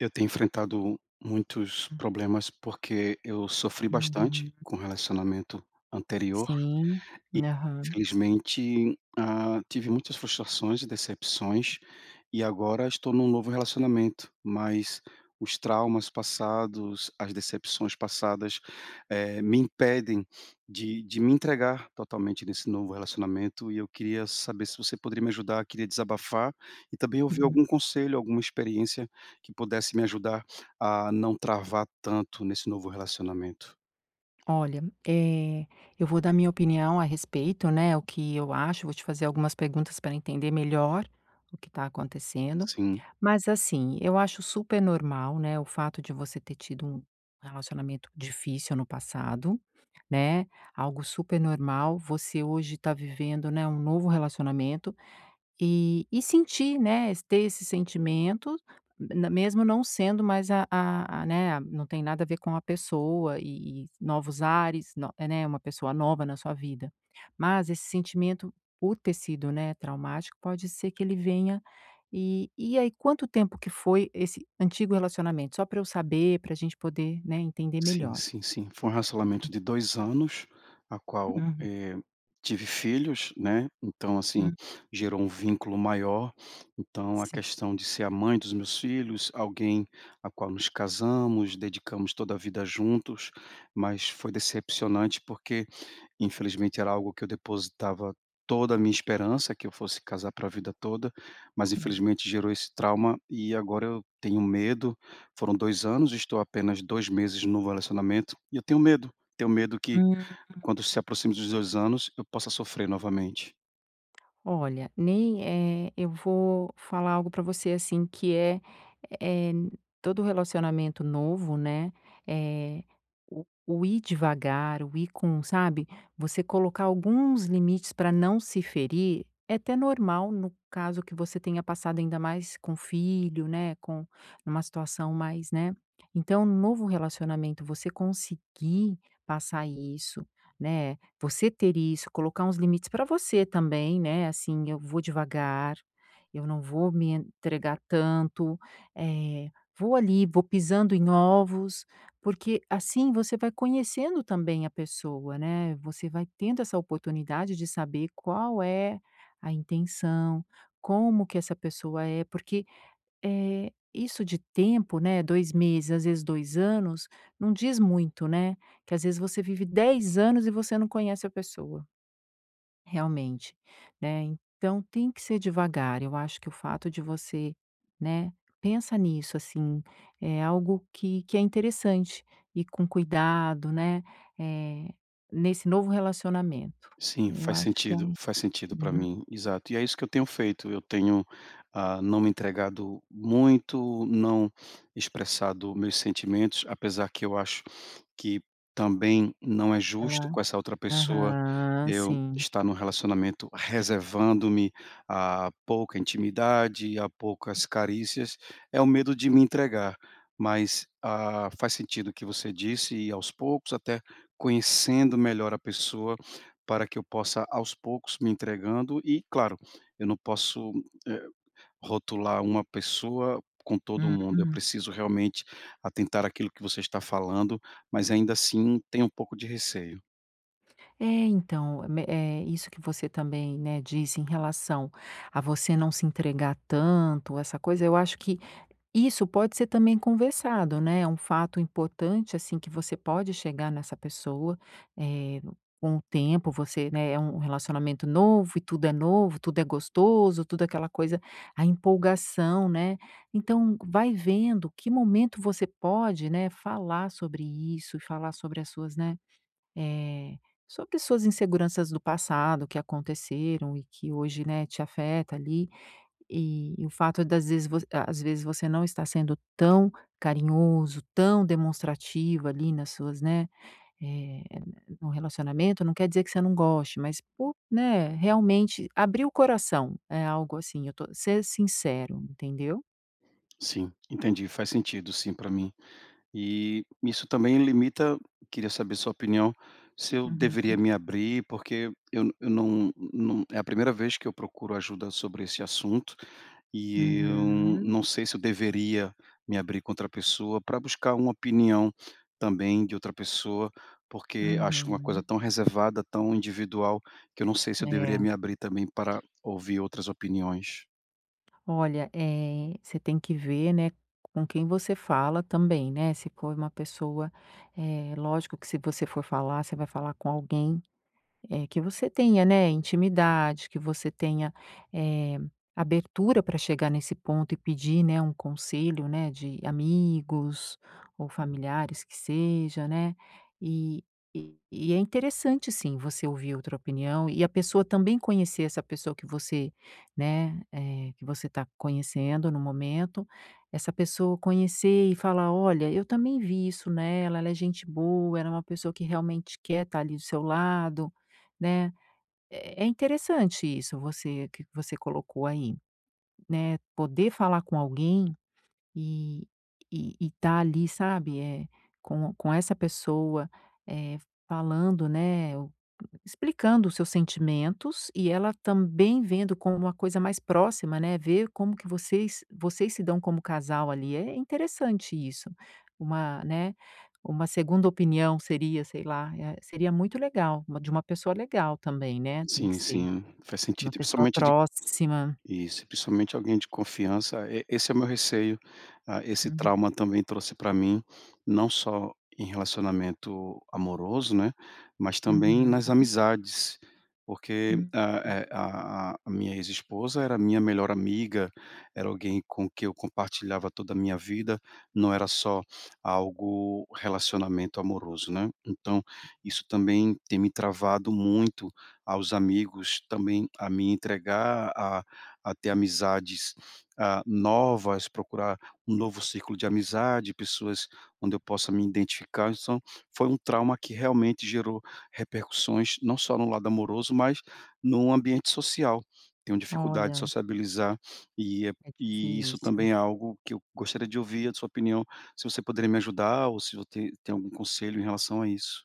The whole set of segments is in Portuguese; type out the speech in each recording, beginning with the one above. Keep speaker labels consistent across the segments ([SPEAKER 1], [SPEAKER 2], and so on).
[SPEAKER 1] Eu tenho enfrentado muitos problemas, porque eu sofri bastante
[SPEAKER 2] Uhum.
[SPEAKER 1] com o relacionamento anterior
[SPEAKER 2] Sim,
[SPEAKER 1] e,
[SPEAKER 2] aham.
[SPEAKER 1] infelizmente, ah, tive muitas frustrações e decepções e agora estou num novo relacionamento. Mas os traumas passados, as decepções passadas, eh, me impedem de de me entregar totalmente nesse novo relacionamento e eu queria saber se você poderia me ajudar, queria desabafar. E também ouvir
[SPEAKER 2] Hum.
[SPEAKER 1] algum conselho alguma experiência que pudesse me ajudar a não travar tanto nesse novo relacionamento.
[SPEAKER 2] Olha, eh, eu vou dar minha opinião a respeito, né, o que eu acho, vou te fazer algumas perguntas pra entender melhor o que tá acontecendo.
[SPEAKER 1] Sim.
[SPEAKER 2] Mas assim, eu acho supernormal, né, o fato de você ter tido um relacionamento difícil no passado, né, algo supernormal. Você hoje tá vivendo, né, um novo relacionamento e e sentir, né, ter esse sentimento, na mesmo não sendo mais a a a né, não tem nada a ver com a pessoa e e novos ares, no é né, uma pessoa nova na sua vida. Mas esse sentimento por ter sido, né, traumático pode ser que ele venha. E e aí, quanto tempo que foi esse antigo relacionamento? Só pra eu saber, pra gente poder, né, entender
[SPEAKER 1] Sim,
[SPEAKER 2] melhor.
[SPEAKER 1] sim, sim, foi um racionamento de 2 anos, a qual,
[SPEAKER 2] Uhum.
[SPEAKER 1] eh, tive filhos, né, então assim,
[SPEAKER 2] Hum.
[SPEAKER 1] gerou um vínculo maior. Então a
[SPEAKER 2] Sim.
[SPEAKER 1] questão de ser a mãe dos meus filhos, alguém a qual nos casamos, dedicamos toda a vida juntos, mas foi decepcionante, porque infelizmente era algo que eu depositava toda a minha esperança que eu fosse casar pra vida toda, mas
[SPEAKER 2] Uhum.
[SPEAKER 1] infelizmente gerou esse trauma e agora eu tenho medo. Foram 2 anos, estou apenas 2 meses novo relacionamento, e eu tenho medo, tenho medo que
[SPEAKER 2] Hum.
[SPEAKER 1] quando se aproxime dos 2 anos eu possa sofrer novamente.
[SPEAKER 2] Olha, nem, eh, eu vou falar algo pra você, assim, que é é, todo relacionamento novo, né, eh, o o ir devagar, o ir com sabe? Você colocar alguns limites pra não se ferir é até normal no caso que você tenha passado ainda mais com filho, né, com uma situação mais, né Então um novo relacionamento você conseguir passar isso, né, você ter isso, colocar uns limites pra você também, né, assim: "Eu vou devagar, eu não vou me entregar tanto, eh, vou ali vou pisando em ovos." Porque assim você vai conhecendo também a pessoa, né, você vai tendo essa oportunidade de saber qual é a intenção, como que essa pessoa é. Porque, eh, isso de tempo, né, 2 meses, às vezes 2 anos, não diz muito, né, que às vezes você vive 10 anos e você não conhece a pessoa. Realmente, né, então tem que ser devagar, eu acho que o fato de você né, pensa nisso assim, é algo que que é interessante ir com cuidado, né, eh, nesse novo relacionamento.
[SPEAKER 1] Sim,
[SPEAKER 2] Eu
[SPEAKER 1] faz
[SPEAKER 2] acho que é
[SPEAKER 1] sentido,
[SPEAKER 2] um
[SPEAKER 1] faz sentido pra
[SPEAKER 2] Uhum.
[SPEAKER 1] mim, exato. E é isso que eu tenho feito, eu tenho, hã, não me entregado muito, não expressado meus sentimentos, apesar que eu acho que também não é justo
[SPEAKER 2] Ela
[SPEAKER 1] com essa outra pessoa
[SPEAKER 2] Aham,
[SPEAKER 1] eu
[SPEAKER 2] sim.
[SPEAKER 1] estar num relacionamento reservando-me à pouca intimidade, à poucas carícias, é o medo de me entregar. Mas, ah, faz sentido o que você disse e aos poucos até conhecendo melhor a pessoa para que eu possa aos poucos me entregando e claro, eu não posso, eh, rotular uma pessoa com todo o mundo eu
[SPEAKER 2] Hum.
[SPEAKER 1] preciso realmente atentar aquilo que você está falando, mas ainda assim tem um pouco de receio.
[SPEAKER 2] É, então, me é isso que você também, né, disse em relação a você não se entregar tanto, essa coisa, eu acho que isso pode ser também conversado né, é um fato importante assim que você pode chegar nessa pessoa, eh, com o tempo, você né, é um relacionamento novo e tudo é novo, tudo é gostoso, tudo é aquela coisa, a empolgação, né. Então, vai vendo que momento você pode, né, falar sobre isso e falar sobre as suas, né, eh, sobre as suas inseguranças do passado que aconteceram e que hoje, né, te afeta ali. E, e o fato das vezes às vezes você não estar sendo tão carinhoso, tão demonstrativo ali nas suas né, eh, num relacionamento não quer dizer que você não goste, mas por né, realmente abrir o coração é algo assim eu tô ser sincero, entendeu?
[SPEAKER 1] Sim, entendi, faz sentido sim pra mim. E isso também limita queria saber sua opinião, se eu deveria
[SPEAKER 2] Uhum.
[SPEAKER 1] me abrir porque eu eu não não, é a primeira vez que eu procuro ajuda sobre esse assunto, e eu
[SPEAKER 2] Uhum.
[SPEAKER 1] não sei se eu deveria me abrir com outra pessoa pra buscar um opinião também de outra pessoa. Porque acho uma coisa
[SPEAKER 2] Uhum.
[SPEAKER 1] tão reservada, tão individual, que eu não sei se eu deveria
[SPEAKER 2] É.
[SPEAKER 1] me abrir também para ouvir outras opiniões.
[SPEAKER 2] Olha, eh, você tem que ver, né, com quem você fala também, né, se for uma pessoa, eh, lógico que se você for falar, você vai falar com alguém, eh, que você tenha, né, intimidade que você tenha, eh, abertura pra chegar nesse ponto e pedir, né, um conselho, né, de amigos ou familiares que seja, né. E e e é interessante sim você ouvir outra opinião e a pessoa também conhecer essa pessoa que você, né, eh, que você tá conhecendo no momento, essa pessoa conhecer e falar: “Olha eu também vi isso nela, ela é gente boa, ela é uma pessoa que realmente quer tá ali do seu lado”, né? É é é interessante isso você que você colocou aí, né, poder falar com alguém e e e tá ali, sabe? É com com essa pessoa, eh, falando, né, explicando os seus sentimentos e ela também vendo com uma coisa mais próxima, né, vê como que vocês vocês se dão como casal ali é interessante isso, uma né, uma segunda opinião, seria sei lá, eh, seria muito legal, uma de uma pessoa legal também, né, tem que
[SPEAKER 1] Sim,
[SPEAKER 2] ser,
[SPEAKER 1] sim faz
[SPEAKER 2] uma
[SPEAKER 1] sentido. E
[SPEAKER 2] pessoa
[SPEAKER 1] principalmente de
[SPEAKER 2] próxima.
[SPEAKER 1] Isso, principalmente alguém de confiança, e esse é o meu receio a esse
[SPEAKER 2] Uhum.
[SPEAKER 1] trauma também trouxe pra mim não só em relacionamento amoroso, né, mas também
[SPEAKER 2] Uhum.
[SPEAKER 1] nas amizades, porque
[SPEAKER 2] Uhum.
[SPEAKER 1] a e a a minha ex esposa era minha melhor amiga, era alguém com quem eu compartilhava toda a minha vida, não era só algo relacionamento amoroso, né. Então, isso também tem me travado muito aos amigos, também a me entregar a a a ter amizades a novas, procurar um novo ciclo de amizade, pessoas onde eu possa me identificar. Então, foi um trauma que realmente gerou repercussões não só no lado amoroso, mas num ambiente social, tenho dificuldade de
[SPEAKER 2] Olha.
[SPEAKER 1] sociabilizar e
[SPEAKER 2] É
[SPEAKER 1] e isso
[SPEAKER 2] difícil.
[SPEAKER 1] também é algo que eu gostaria de ouvir a sua opinião, se você poderia me ajudar ou se você te tem algum conselho em relação a isso.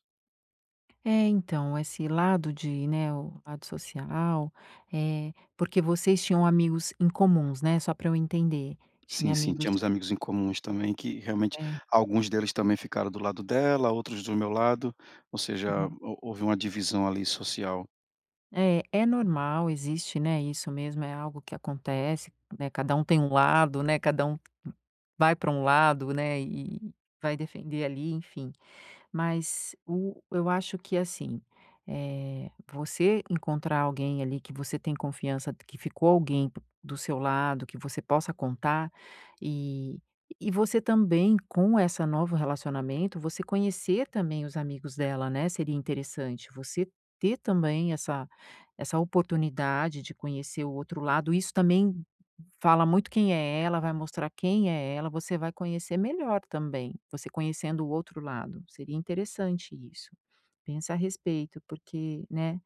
[SPEAKER 2] É, então, esse lado de né. O o lado social, eh porque vocês tinham amigos em comum, né? Só pra eu entender.
[SPEAKER 1] Sim,
[SPEAKER 2] Tinha
[SPEAKER 1] sim.
[SPEAKER 2] amigos?
[SPEAKER 1] Tínhamos amigos em comuns também que, realmente
[SPEAKER 2] É.
[SPEAKER 1] alguns deles também ficaram do lado dela, outros do meu lado. Ou seja,
[SPEAKER 2] Uhum.
[SPEAKER 1] hou houve uma divisão ali social.
[SPEAKER 2] Eh, é normal. Existe, né isso mesmo é algo que acontece, né. Cada um tem um lado, né. Cada um vai pra lado, né. E e e vai defender ali, enfim. Mas o eu acho que, assim, eh, você encontrar alguém ali, que você tem confiança, que ficou alguém do seu lado, que você possa contar e e você também com essa novo relacionamento, você conhecer também os amigos dela, né, seria interessante. Você ter também essa essa oportunidade de conhecer o outro lado. Isso também fala muito quem é ela. Vai mostrar quem é ela. Você vai conhecer melhor também. Você conhecendo o outro lado. Seria interessante isso. Pensa a respeito porque, né,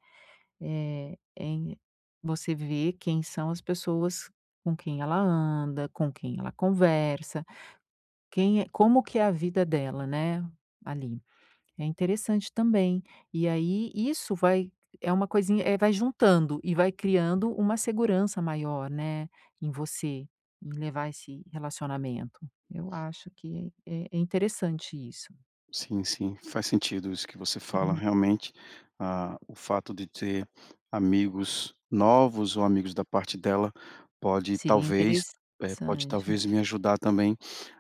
[SPEAKER 2] eh, em você vê quem são as pessoas com quem ela anda, com quem ela conversa, quem é como que é a vida dela, né, ali. É interessante também. E aí, isso vai é uma coisinha eh, vai juntando e vai criando uma segurança maior, né, em você, em levar esse relacionamento. Eu acho que é é interessante isso.
[SPEAKER 1] Sim, sim, faz sentido isso que você fala.
[SPEAKER 2] Uhum.
[SPEAKER 1] Realmente, ah, o fato de ter amigos novos ou amigos da parte dela pode
[SPEAKER 2] Seria
[SPEAKER 1] talvez é, pode
[SPEAKER 2] interessante.
[SPEAKER 1] talvez me ajudar também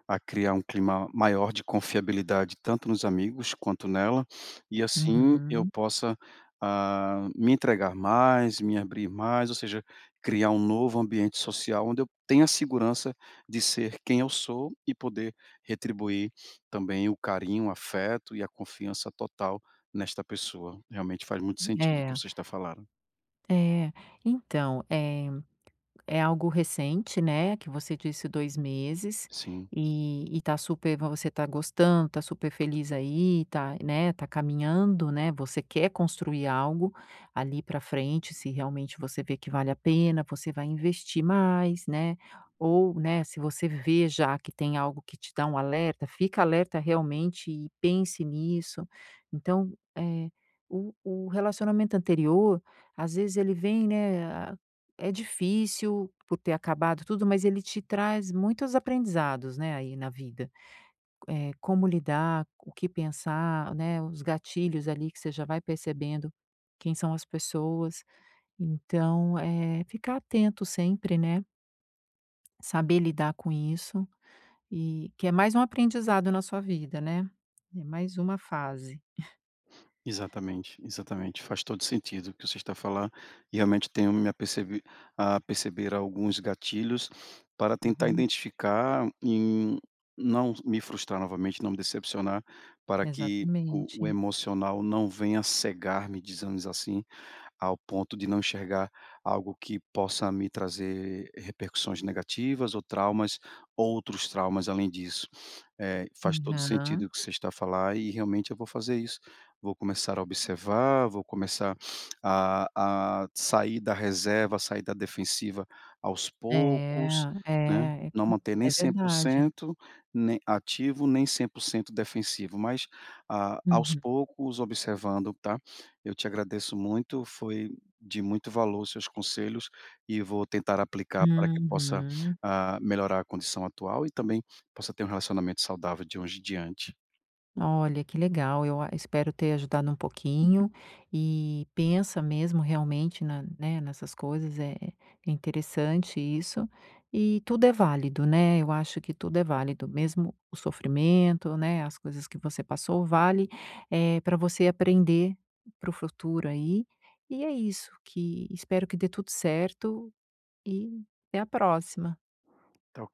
[SPEAKER 1] a criar um clima maior de confiabilidade tanto nos amigos quanto nela. E assim eu
[SPEAKER 2] Uhum.
[SPEAKER 1] possa, ah, me entregar mais, me abrir mais, ou seja, criar um novo ambiente social onde eu tenha segurança de ser quem eu sou e poder retribuir também o carinho, o afeto e a confiança total nesta pessoa. Realmente faz muito sentido o que
[SPEAKER 2] É.
[SPEAKER 1] você está falando.
[SPEAKER 2] É. Então, é é algo recente, né, que você disse 2 meses
[SPEAKER 1] Sim.
[SPEAKER 2] e e tá super vo você tá gostando, tá super feliz aí tá, né, tá caminhando, né, você quer construir algo ali pra frente se realmente você vê que vale a pena, você vai investir mais, né, ou, né, se você vê já que tem algo que te dá um alerta, fica alerta realmente e pense nisso. Então, eh, o o relacionamento anterior às vezes ele vem, né, é difícil por ter acabado tudo, mas ele te traz muitos aprendizados, né, aí na vida, eh, como lidar, o que pensar, né, os gatilhos ali que você já vai percebendo quem são as pessoas, então, eh, ficar atento sempre, né? Saber lidar com isso e que é mais um aprendizado na sua vida, né? É mais uma fase.
[SPEAKER 1] Exatamente, exatamente. Faz todo o sentido o que você está a falar. Realmente tenho me apercebi a perceber alguns gatilhos para tentar
[SPEAKER 2] Aham.
[SPEAKER 1] identificar e não me frustrar novamente, não me decepcionar para que o o
[SPEAKER 2] Exatamente.
[SPEAKER 1] emocional não venha cegar-me, dizemos assim, ao ponto de não enxergar algo que possa me trazer repercussões negativas ou traumas outros traumas além disso. Eh, faz todo o sentido o
[SPEAKER 2] Aham.
[SPEAKER 1] que você está a falar e realmente eu vou fazer isso. Vou começar a observar, vou começar a a sair da reserva, sair da defensiva aos
[SPEAKER 2] É,
[SPEAKER 1] poucos, né.
[SPEAKER 2] é, é
[SPEAKER 1] Não
[SPEAKER 2] comp
[SPEAKER 1] manter nem
[SPEAKER 2] é
[SPEAKER 1] cem por
[SPEAKER 2] verdade.
[SPEAKER 1] cento, nem ativo, nem 100% defensivo mas a aos
[SPEAKER 2] Uhum.
[SPEAKER 1] poucos observando, tá? Eu te agradeço muito, foi de muito valor os seus conselhos, e vou tentar aplicar pra que possa,
[SPEAKER 2] Uhum.
[SPEAKER 1] ah, melhorar a condição atual e também possa ter relacionamento saudável de hoje em diante.
[SPEAKER 2] Olha, que legal, eu a espero ter ajudado um pouquinho e pensa mesmo realmente na né, nessas coisas, é é interessante isso. E tudo é válido, né? Eu acho que tudo é válido, mesmo o sofrimento, né, as coisas que você passou vale, eh, pra você aprender para o futuro aí e é isso que espero que dê tudo certo e até a próxima.
[SPEAKER 1] Tch